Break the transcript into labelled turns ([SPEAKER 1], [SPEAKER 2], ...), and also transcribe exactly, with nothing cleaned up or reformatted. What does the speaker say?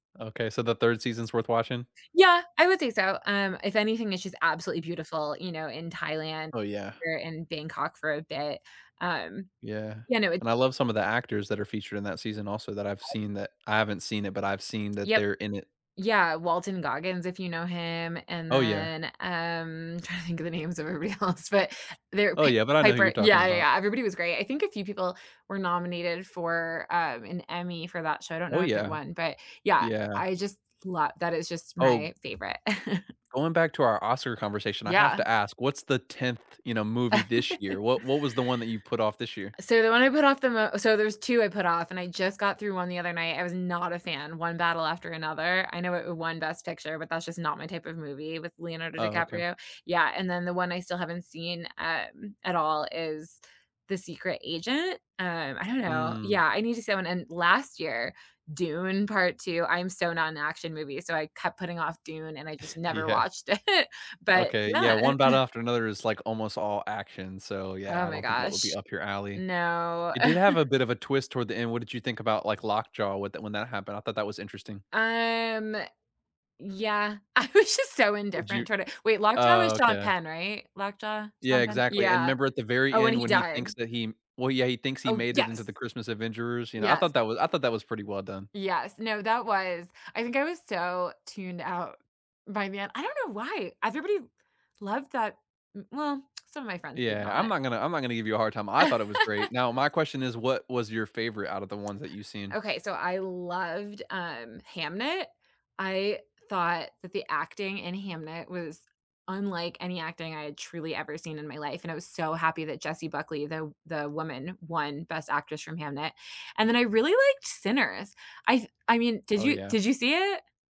[SPEAKER 1] Okay, so the third season's worth watching?
[SPEAKER 2] Yeah, I would say so, um, if anything, it's just absolutely beautiful, you know, in Thailand
[SPEAKER 1] Oh, yeah.
[SPEAKER 2] or in Bangkok for a bit, um
[SPEAKER 1] Yeah,
[SPEAKER 2] yeah, no, it
[SPEAKER 1] and I love some of the actors that are featured in that season also that I've seen that I haven't seen it, but I've seen that
[SPEAKER 2] Yep.
[SPEAKER 1] they're in it.
[SPEAKER 2] Yeah, Walton Goggins, if you know him, and
[SPEAKER 1] Oh, yeah.
[SPEAKER 2] then, um, trying to think of the names of everybody else, but they're
[SPEAKER 1] Oh,
[SPEAKER 2] pa
[SPEAKER 1] yeah, but I know who you're
[SPEAKER 2] Piper
[SPEAKER 1] talking
[SPEAKER 2] yeah, yeah,
[SPEAKER 1] about.
[SPEAKER 2] yeah, everybody was great. I think a few people were nominated for, um, an Emmy for that show, I don't
[SPEAKER 1] Oh,
[SPEAKER 2] know if it
[SPEAKER 1] yeah.
[SPEAKER 2] won, but, yeah, I
[SPEAKER 1] Yeah.
[SPEAKER 2] just love that is just
[SPEAKER 1] Oh
[SPEAKER 2] my favorite.
[SPEAKER 1] going back to our Oscar conversation, I have
[SPEAKER 2] Yeah.
[SPEAKER 1] to ask: What's the tenth, you know, movie this year? What what was the one that you've put off this year?
[SPEAKER 2] Uh, so, the one I put off the mo so there's two I put off, and I just got through one the other night, I was not a fan: One Battle After Another. I know i it won Best Picture, but that's just not my type of movie, with Leonardo
[SPEAKER 1] Oh, okay.
[SPEAKER 2] DiCaprio. Yeah, and then the one I still haven't seen, um, at all is The Secret Agent. Um, I don't know,
[SPEAKER 1] Mm.
[SPEAKER 2] yeah, I need to see that one. And last year, Dune: Part Two, I'm so not into action movies, so I kept putting off Dune, and I just never
[SPEAKER 1] Yeah.
[SPEAKER 2] watched it, but
[SPEAKER 1] Okay, yeah,
[SPEAKER 2] yeah!
[SPEAKER 1] One Battle After Another is, like, almost all action, so,
[SPEAKER 2] Oh
[SPEAKER 1] yeah, I
[SPEAKER 2] my
[SPEAKER 1] don't think that would be
[SPEAKER 2] gosh.
[SPEAKER 1] up your alley.
[SPEAKER 2] No.
[SPEAKER 1] It did have a bit of a twist toward the end, what did you think about, like, Lockjaw with the when that happened? I thought that was interesting.
[SPEAKER 2] Um, eh, yeah. I was just so
[SPEAKER 1] Did
[SPEAKER 2] indifferent
[SPEAKER 1] you
[SPEAKER 2] toward it wait, Lockjaw was
[SPEAKER 1] oh,
[SPEAKER 2] Sean
[SPEAKER 1] okay.
[SPEAKER 2] Penn, right? Lockjaw?
[SPEAKER 1] Yeah,
[SPEAKER 2] Sean Penn?
[SPEAKER 1] exactly, and
[SPEAKER 2] Yeah,
[SPEAKER 1] 'member at the very
[SPEAKER 2] oh, and
[SPEAKER 1] end
[SPEAKER 2] he
[SPEAKER 1] when he thinks
[SPEAKER 2] died.
[SPEAKER 1] that he well, yeah, he thinks he
[SPEAKER 2] Oh,
[SPEAKER 1] made it into
[SPEAKER 2] yes!
[SPEAKER 1] the Christmas Adventurers, you know? I
[SPEAKER 2] Yes.
[SPEAKER 1] thought that was I thought that was pretty well done.
[SPEAKER 2] Yes. No, that was. I think I was so tuned out by then I don't know why, everybody loved that mm, well, some of my friends did
[SPEAKER 1] Yeah, I'm
[SPEAKER 2] not.
[SPEAKER 1] not gonna I'm not gonna give you a hard time, I thought it was great. Now, my question is what was your favorite out of the ones that you've seen?
[SPEAKER 2] Okay, so I loved, um, Hamnet. I thought that the acting in Hamnet was unlike any acting I had truly ever seen in my life, and I was so happy that Jessie Buckley, the the woman, won Best Actress from Hamnet. And then I really liked Sinners, I th I mean, did
[SPEAKER 1] Oh
[SPEAKER 2] you
[SPEAKER 1] yeah.
[SPEAKER 2] did you see it?